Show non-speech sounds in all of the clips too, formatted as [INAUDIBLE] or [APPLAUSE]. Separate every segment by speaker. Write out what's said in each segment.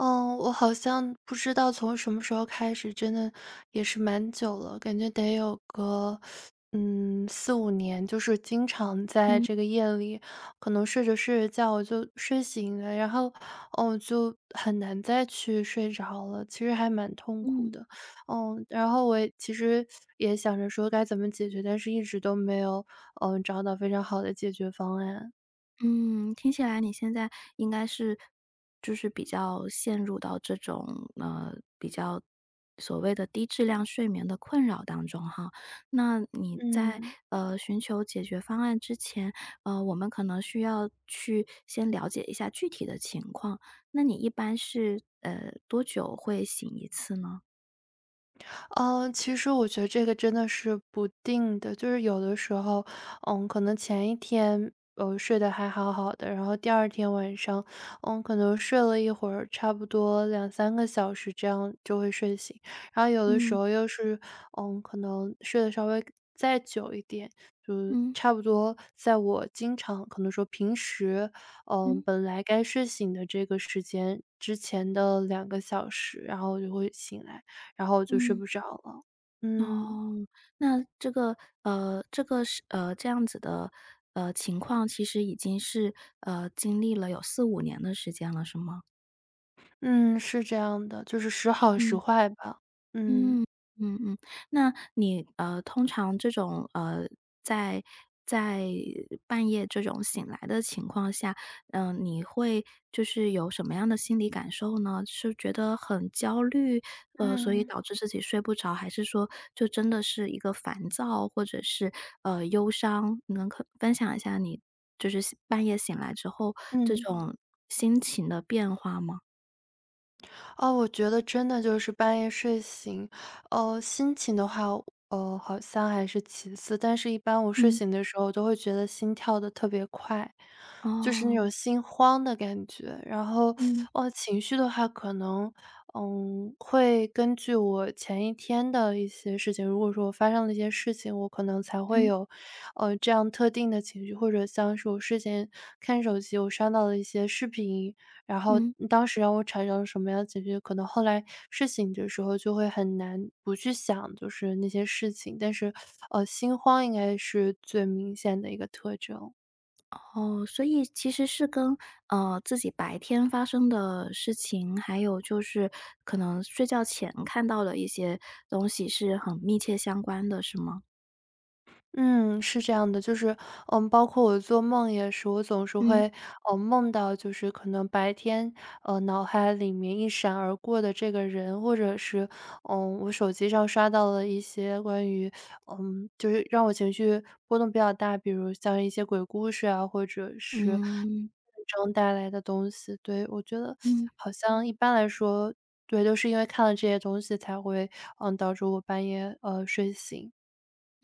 Speaker 1: 嗯，我好像不知道从什么时候开始，真的也是蛮久了，感觉得有个，[SUCKS TEETH] 嗯，4-5年，就是经常在
Speaker 2: 嗯。
Speaker 1: 这个夜里，可能睡着睡着觉，我就睡醒了。然后，呃，就很难再去睡着了，其实还蛮痛苦
Speaker 2: 嗯。
Speaker 1: 的。[SUCKS TEETH] 呃，然后我其实，[SUCKS TEETH] 也想着说该怎么解决？但是一直都没有，嗯，找到非常好的解决方案。
Speaker 2: 嗯，听起来你现在应该是就是比较陷入到这种呃，比较所谓的低质量睡眠的困扰当中哈。那你在，
Speaker 1: 嗯。
Speaker 2: 呃，寻求解决方案之前，呃，我们可能需要去先了解一下具体的情况。那你一般是，呃，多久会醒一次呢？
Speaker 1: 呃，其实我觉得这个真的是不定的。就是有的时候，嗯，可能前1天，我睡得还好好的，然后第2天晚上，嗯，可能睡了一会儿，差不多2-3个小时，这样就会睡醒。然后有的时
Speaker 2: 嗯。
Speaker 1: 候又是，嗯，可能睡得稍微再久一点，就是
Speaker 2: 嗯。
Speaker 1: 差不多在我经常可能说平时，嗯，
Speaker 2: 嗯。
Speaker 1: 本来该睡醒的这个时间，之前的2个小时，然后我就会醒来，然后就睡
Speaker 2: 嗯。
Speaker 1: 不着了，嗯。
Speaker 2: 哦，那这个呃，这个是呃，这样子的，呃，情况，其实已经是，呃，经历了有4-5年的时间了，是吗？
Speaker 1: 嗯，是这样的，就是时好时
Speaker 2: 嗯，
Speaker 1: 坏吧。嗯。
Speaker 2: 嗯，嗯嗯，那你，呃，通常这种，呃，在在半夜这种醒来的情况下，嗯，你会就是有什么样的心理感受呢？是觉得很焦虑？呃，所以
Speaker 1: 嗯。
Speaker 2: 导致自己睡不着，还是说，就真的是一个烦躁？或者是，呃，忧伤？能可分享一下你就是半夜醒来之后，这
Speaker 1: 嗯。
Speaker 2: 种心情的变化吗？
Speaker 1: 呃，我觉得真的就是半夜睡醒，呃，心情的话，呃，好像还是其次，但是一般我睡
Speaker 2: 嗯。
Speaker 1: 醒的时候，都会觉得心跳得特别快。就是那种
Speaker 2: 哦。
Speaker 1: 心慌的感觉，然后，
Speaker 2: 嗯。
Speaker 1: 呃，情绪的话可能，嗯，会根据我前一天的一些事情，如果说我发生了一些事情，我可能才会
Speaker 2: 嗯。
Speaker 1: 有，呃，这样特定的情绪，或者像是我事先看手机我刷到了一些视频，然后
Speaker 2: 嗯。
Speaker 1: 当时让我产生了什么样的情绪，可能后来，睡醒的时候就会很难不去想，就是那些事情，但是，呃，心慌应该是最明显的一个特征。
Speaker 2: 哦，所以其实是跟，呃，自己白天发生的事情，还有就是可能睡觉前看到的一些东西是很密切相关的，是吗？
Speaker 1: 嗯，是这样的，就是，呃，包括我做梦也是，我总是
Speaker 2: 嗯。
Speaker 1: 会，呃，梦到就是可能白天，呃，脑海里面一闪而过的这个人。或者是，呃，我手机上刷到了一些关于 [SUCKS TEETH] 呃，就是让我情绪波动比较大，比如像是一些鬼故事啊，或者是
Speaker 2: 嗯。
Speaker 1: [UNINTELLIGIBLE] 中带来的东西对，[SUCKS TEETH] 我觉得
Speaker 2: 嗯。
Speaker 1: 好像一般来说对，都是因为看了这些东西才会，呃，导致我半夜，呃，睡醒。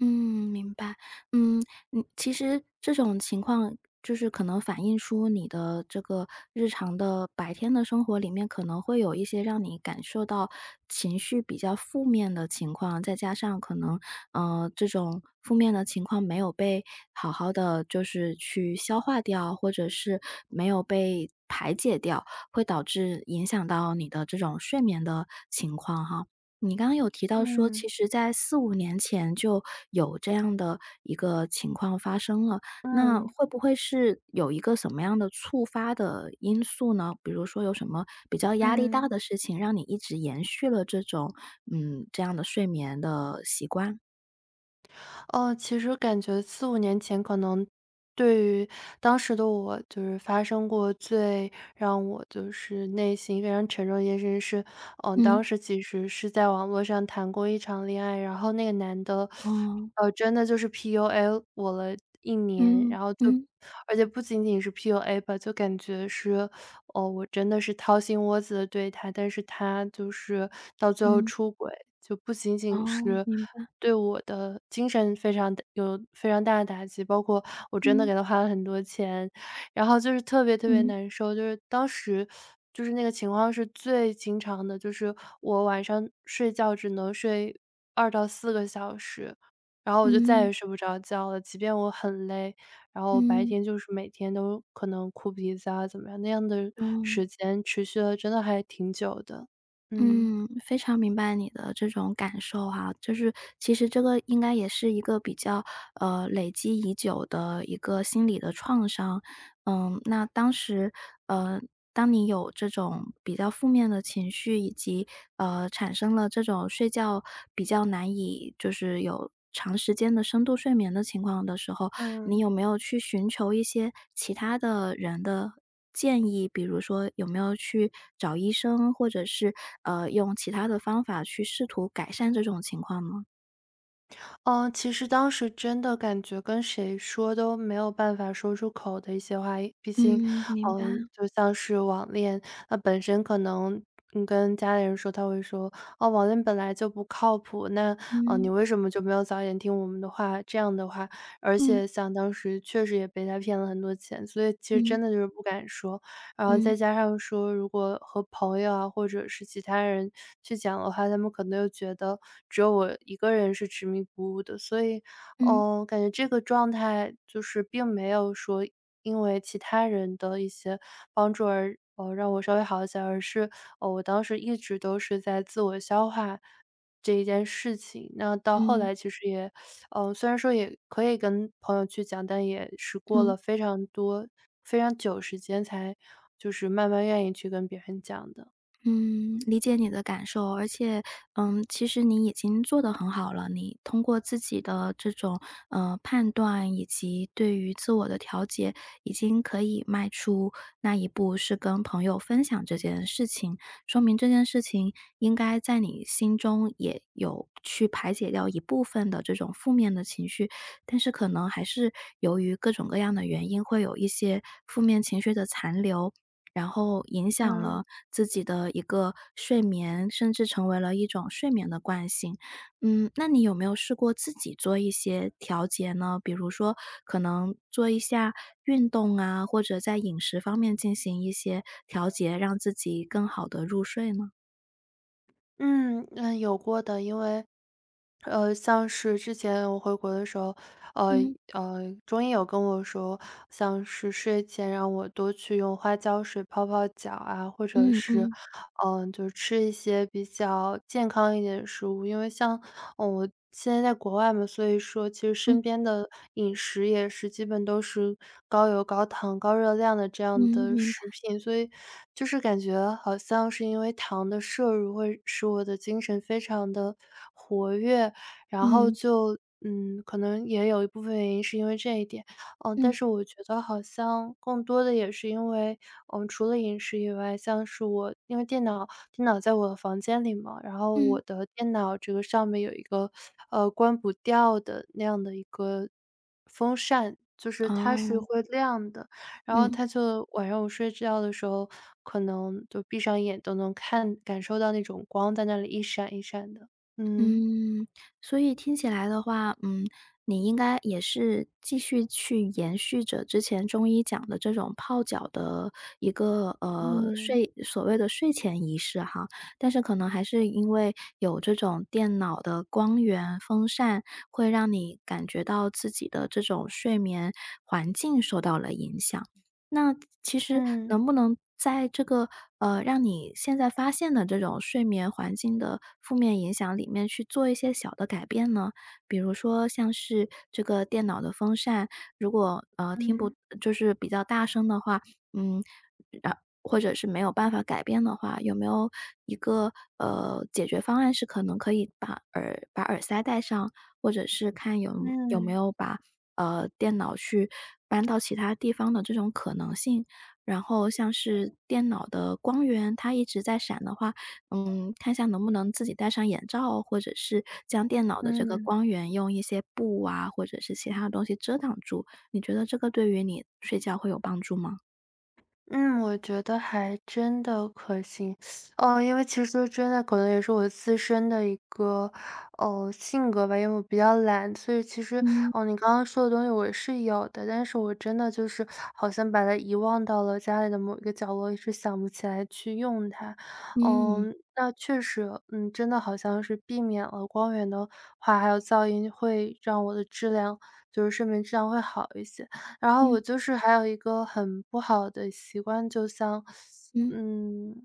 Speaker 2: 嗯，明白。嗯，你其实这种情况就是可能反映出你的这个日常的白天的生活里面，可能会有一些让你感受到情绪比较负面的情况，再加上可能，呃，这种负面的情况没有被好好地就是去消化掉，或者是没有被排解掉，会导致影响到你的这种睡眠的情况哈。你刚刚有提到说，
Speaker 1: 嗯。
Speaker 2: 其实在四五年前就有这样的一个情况发生了，那
Speaker 1: 嗯。
Speaker 2: 会不会是有一个什么样的促发的因素呢？比如说有什么比较压力大
Speaker 1: 嗯。
Speaker 2: 的事情让你一直延续了这种，嗯，这样的睡眠的习惯？
Speaker 1: 呃，其实感觉4-5年前，可能对于当时的我就是发生过最让我就是内心非常沉重的一件事情是呃，当
Speaker 2: 嗯。
Speaker 1: 时其实是在网络上谈过一场恋爱，然后那个男的，[SUCKS TEETH]
Speaker 2: 哦。
Speaker 1: 呃，真的就是 PUA 我了1年。
Speaker 2: 嗯，
Speaker 1: 然后就
Speaker 2: 嗯。
Speaker 1: 而且不仅仅是 PUA 吧，就感觉是，[SUCKS TEETH] 呃，我真的是掏心窝子地对他，但是他就是到最后
Speaker 2: 嗯。
Speaker 1: 出轨，就不仅仅
Speaker 2: 哦，
Speaker 1: 是
Speaker 2: 明白。
Speaker 1: 对我的精神非常打有非常大的打击包括我真的
Speaker 2: 嗯。
Speaker 1: 给他花了很多钱，然后就是特别特别
Speaker 2: 嗯。
Speaker 1: 难受。就是当时 [SUCKS TEETH] 就是那个情况是最经常的，就是我晚上睡觉只能睡2-4个小时，然后我就再
Speaker 2: 嗯。
Speaker 1: 也睡不着觉了，即便我很累，然后白
Speaker 2: 嗯。
Speaker 1: 天就是每天都可能哭鼻子啊怎么样，那样的
Speaker 2: 嗯。
Speaker 1: 时间持续了真的还挺久的，嗯。
Speaker 2: 嗯，非常明白你的这种感受哈，就是其实这个应该也是一个比较，呃，累积已久的一个心理的创伤。呃，那当时呃，当你有这种比较负面的情绪，以及，呃，产生了这种睡觉比较难以就是有长时间的深度睡眠的情况的时候，你
Speaker 1: 嗯。
Speaker 2: 有没有去寻求一些其他的人的建议？比如说有没有去找医生，或者是，呃，用其它的方法去试图改善这种情况呢？
Speaker 1: 呃，其实当时真的感觉，跟谁说都没有办法说出口的一些话也毕竟
Speaker 2: 嗯，明
Speaker 1: 呃，
Speaker 2: 白。
Speaker 1: 就像是网恋，那本身可能跟家里人说，他会说，：“网恋本来就不靠谱，那，呃，你
Speaker 2: 嗯。
Speaker 1: 为什么就没有早点听我们的话？”这样的话，而
Speaker 2: 嗯。
Speaker 1: 且像当时，确实也被他骗了很多钱，所以其实
Speaker 2: 嗯。
Speaker 1: 真的就是不敢说，然后
Speaker 2: 嗯。
Speaker 1: 再加上说，如果和朋友啊，或者是其他人去讲的话，他们可能又觉得，只有我一个人是执迷不悟的。所以，
Speaker 2: 嗯。
Speaker 1: 呃，感觉这个状态就是并没有说，因为其他人的一些帮助而，呃，让我稍微好一些，而是，呃，我当时一直都是在自我消化这一件事情。那到后
Speaker 2: 嗯。
Speaker 1: 来其实也 [SUCKS TEETH] 呃，虽然说也可以跟朋友去讲，但也是过
Speaker 2: 嗯。
Speaker 1: 了非常多，非常久时间，才就是慢慢愿意去跟别人讲的。
Speaker 2: 嗯，理解你的感受，而且，嗯，其实你已经做得很好了，你通过自己的这种，呃，判断以及对于自我的调节，已经可以迈出那一步，是跟朋友分享这件事情，说明这件事情应该，在你心中也有去排解掉一部分的这种负面的情绪。但是可能还是，由于各种各样的原因，会有一些负面情绪的残留，然后影响了
Speaker 1: 嗯。
Speaker 2: 自己的一个睡眠，甚至成为了一种睡眠的惯性，嗯，那你有没有试过自己做一些调节呢？比如说，可能做一下运动啊，或者在饮食方面进行一些调节，让自己更好地入睡呢？
Speaker 1: 嗯，呃，有过的，因为，呃，像是之前我回国的时候，呃
Speaker 2: 嗯。
Speaker 1: 呃，中医有跟我说，像是睡前让我多去用花椒水泡泡脚啊，或者
Speaker 2: 嗯
Speaker 1: 是，
Speaker 2: 嗯。
Speaker 1: 呃，就吃一些比较健康一点的食物。因为像我现在在国外嘛，所以说其实身
Speaker 2: 嗯。
Speaker 1: 边的饮食也是基本都是高油高糖、高热量的这
Speaker 2: 嗯，
Speaker 1: 样的
Speaker 2: 明
Speaker 1: 食
Speaker 2: 白。
Speaker 1: 品，所以，就是感觉好像是因为糖的摄入会使我的精神非常的活跃。然后
Speaker 2: 嗯。
Speaker 1: 就，嗯，可能也有一部分原因是因为这一点，呃，但
Speaker 2: 嗯。
Speaker 1: 是我觉得好像更多的也是因为我们除了饮食以外，像是我因为电脑电脑在我房间里嘛，然后
Speaker 2: 嗯。
Speaker 1: 我的电脑这个上面有一个，呃，关不掉的那样的一个风扇，就是它是
Speaker 2: 哦。
Speaker 1: 会亮的，然后
Speaker 2: 嗯。
Speaker 1: 它就晚上我睡觉的时候，可能就闭上眼都能看感受到那种光在那里一闪一闪的，嗯。
Speaker 2: 嗯，所以听起来的话，嗯，你应该也是继续去延续着之前中医讲的这种泡脚的一个，呃，
Speaker 1: 嗯。
Speaker 2: 睡所谓的睡前仪式哈。但是可能还是因为有这种电脑的光源，风扇，会让你感觉到自己的这种睡眠环境受到了影响。那其实
Speaker 1: 嗯。
Speaker 2: 能不能在这个，呃，让你现在发现的这种睡眠环境的负面影响里面去做一些小的改变呢？比如说像是这个电脑的风扇，如果，呃，听不
Speaker 1: 嗯。
Speaker 2: 就是比较大声的话，嗯呃，或者是没有办法改变的话，有没有一个，呃，解决方案是可能可以把耳把耳塞戴上，或者是看有有没
Speaker 1: 嗯。
Speaker 2: 有把，呃，电脑去搬到其他地方的这种可能性，然后像是电脑的光源，它一直在闪的话，嗯，看下能不能自己戴上眼罩，或者是将电脑的这个
Speaker 1: 嗯。
Speaker 2: 光源用一些布啊，或者是其他的东西遮挡住，你觉得这个对于你睡觉会有帮助吗？
Speaker 1: 嗯，我觉得还真的可行，[SUCKS TEETH] 呃，因为其实说真的，可能也是我自身的一个，呃，性格吧，因为我比较懒，所以其实，
Speaker 2: 嗯。
Speaker 1: 呃，你刚刚说的东西我是有的，但是我真的就是，好像把它遗忘到了家里的某一个角落，一直想不起来去用它。呃，
Speaker 2: 嗯。
Speaker 1: 那确实，呃，真的好像是避免了，光源的话，还有噪音，会让我的质量就是睡眠质量会好一些。然后我
Speaker 2: 嗯。
Speaker 1: 就是还有一个很不好的习惯，就像，[SUCKS TEETH]
Speaker 2: 嗯。
Speaker 1: 嗯，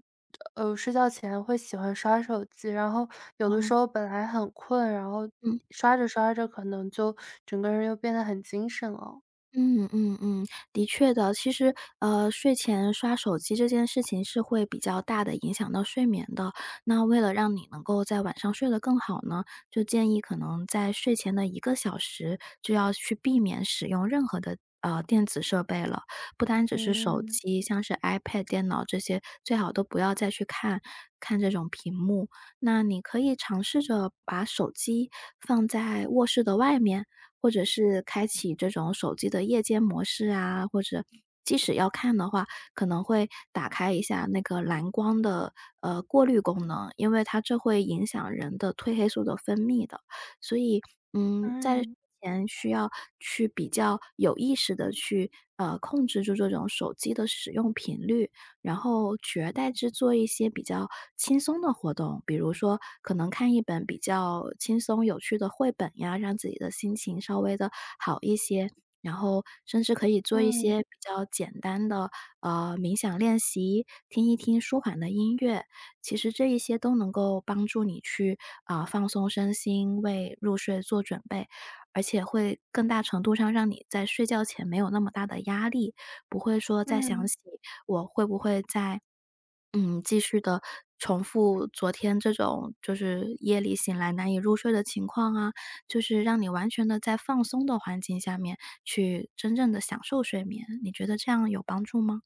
Speaker 1: 呃，睡觉前会喜欢刷手机，然后有的时
Speaker 2: 嗯。
Speaker 1: 候本来很困，然后
Speaker 2: 嗯。
Speaker 1: 刷着刷着可能就整个人就变得很精神了。
Speaker 2: 嗯，嗯，嗯，的确的，其实，呃，睡前刷手机这件事情是会比较大的影响到睡眠的，那为了让你能够在晚上睡得更好呢，就建议可能在睡前的一个小时，就要去避免使用任何的，呃，电子设备了。不单只是手
Speaker 1: 嗯。
Speaker 2: 机，像是 ipad、电脑这些，最好都不要再去看，看这种屏幕。那你可以尝试着把手机，放在卧室的外面，或者是开启这种手机的夜间模式啊，或者，即使要看的话，可能会打开一下那个蓝光的，呃，过滤功能，因为它这会影响人的褪黑素的分泌的。所以，嗯，在之
Speaker 1: 嗯。
Speaker 2: 前需要去比较有意识的去，呃，控制住这种手机的使用频率。然后，取而代之做一些比较，轻松的活动，比如说，可能看一本比较轻松有趣的绘本呀，让自己的心情，稍微的好一些，然后甚至可以做一
Speaker 1: 嗯。
Speaker 2: 些比较简单的，呃，冥想练习，听一听舒缓的音乐。其实这一些都能够帮助你去，呃，放松身心，为入睡做准备。而且会更大程度上让你在睡觉前没有那么大的压力，不会说再想
Speaker 1: 嗯。
Speaker 2: 起，我会不会在，嗯，继续地重复昨天，这种就是，夜里醒来难以入睡的情况啊，就是让你完全的在放松的环境下面去，真正的享受睡眠，你觉得这样有帮助吗？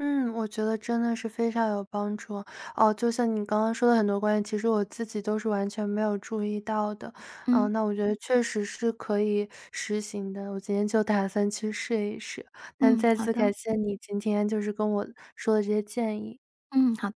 Speaker 1: 嗯，我觉得真的是非常有帮助，哦，就像你刚刚说的很多观点，其实我自己都是完全没有注意到的。啊，
Speaker 2: 嗯。
Speaker 1: 那我觉得确实是可以实行的，我今天就打算去试一试，那
Speaker 2: 嗯，
Speaker 1: 再
Speaker 2: 好
Speaker 1: 次
Speaker 2: 的。
Speaker 1: 感谢你今天，就是跟我说的这些建议。
Speaker 2: 嗯，好。